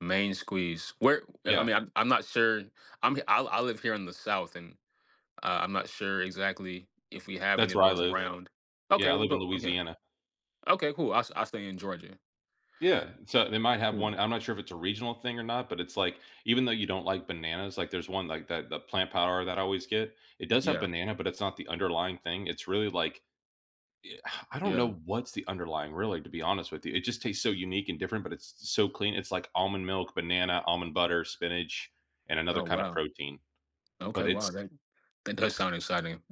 Main squeeze, where I Yeah. mean, I'm I'm not sure, I'm I I live here in the south and, uh, I'm not sure exactly if we have any That's of where I those live, around, yeah, okay, I we'll live in go, okay, Louisiana. okay, cool I I stay in Georgia. Yeah, so, they might have 1, Hmm. I'm not sure if it's a regional thing or not, but it's like, even though you don't like bananas, like, there's 1, like, that, the plant powder that I always get, it does have Yeah. banana, but it's not the underlying thing, it's really, like, yeah, I don't Yeah. know what's the underlying, really, to be honest with you, it just tastes so unique and different, but it's s so clean, it's like almond milk, banana, almond butter, spinach, and another Oh kinda wow. protein, but Okay, wow, it's that that does sound exciting.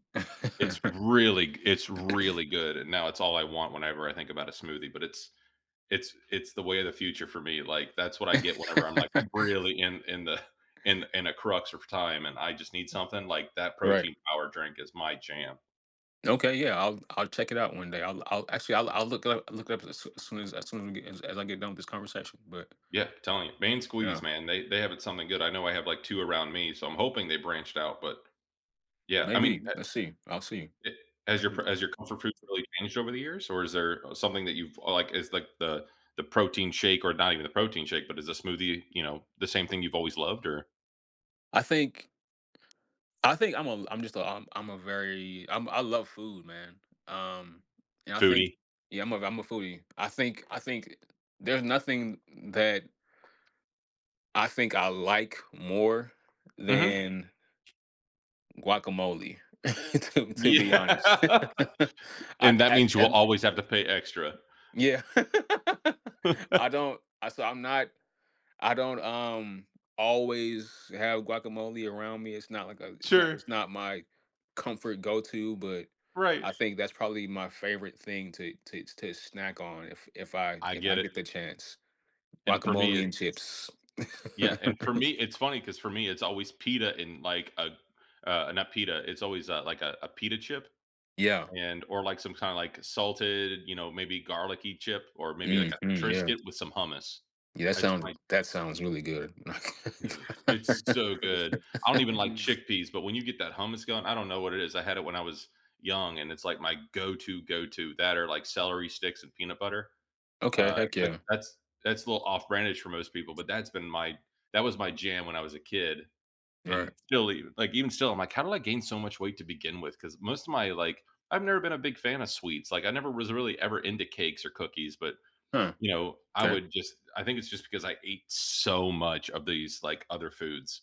It's really g it's really good, and now it's all I want whenever I think about a smoothie, but it's it's it's the way of the future for me, like, that's what I get whenever I'm like, really in, in the, in, in a crux of time, and I just need something, like that Right. protein power drink is my jam. Okay, yeah, I'll I'll check it out one day, I'll l I'll actually, I'll I'll look up look it up as soon as soon as as soon as we get as I get done with this conversation, but Yeah, I'm telling you, main squeeze, Yeah. man, they they have something good, I know I have, like, 2 around me, so, I'm hoping they branched out, but yeah, I mean, Maybe, uh let's see, I'll see, it, has your pr maybe. has your comfort food really changed over the years, or is there, uh, something that you've, like, it's like the, the protein shake, or not even the protein shake, but is a smoothie, you know, the same thing you've always loved, or I think ...I think I'm a I'm just a I'm, I'm a very I'm I love food, man, um, and I think, Foodie yeah, I'm a ve I'm a foodie, I think, I think there's nothing that I think I like more Mhm. than guacamole, to, to be honest. Yeah, I and d that as, means you will as always have to [unintelligible] pay extra. Yeah, I don't, I so, I'm not I don't, um, always have guacamole around me, it's not, like, a it's not Sure. it's not my comfort go to, but Right. I think that's probably my favorite thing to to to snack on if if I I if I get it get the chance, And for me, guacamole and it's chips. yeah, and for me, it's funny 'cause for me it's always pita, and, like, a, uh, not pita, it's always, uh, like, a, a, pita chip, Yeah. and, or, like, some kinda, like, salted, you know, maybe garlicky chip, or maybe, like, Mhm, a yeah. Triscuit with some hummus, Yeah, that that's sounds, my that sounds really good. Dude, it's so good, I don't even like chickpeas, but when you get that hummus going, I don't know what it is, I had it when I was young, and it's, like, my go to go to, that are like celery sticks and peanut butter, Okay, uh, heck that yeah. that's, that's a little off-brandish for most people, but that's been my that was my jam when I was a kid, and Right. still, eve like, even still, I'm, like, "how did I gain so much weight to begin with," 'cause most of my, like I've never been a big fan of sweets, like, I never was really ever into cakes or cookies, but, Huh, you know, I 'kay. would just, I think it's just because I ate so much of these, like, other foods.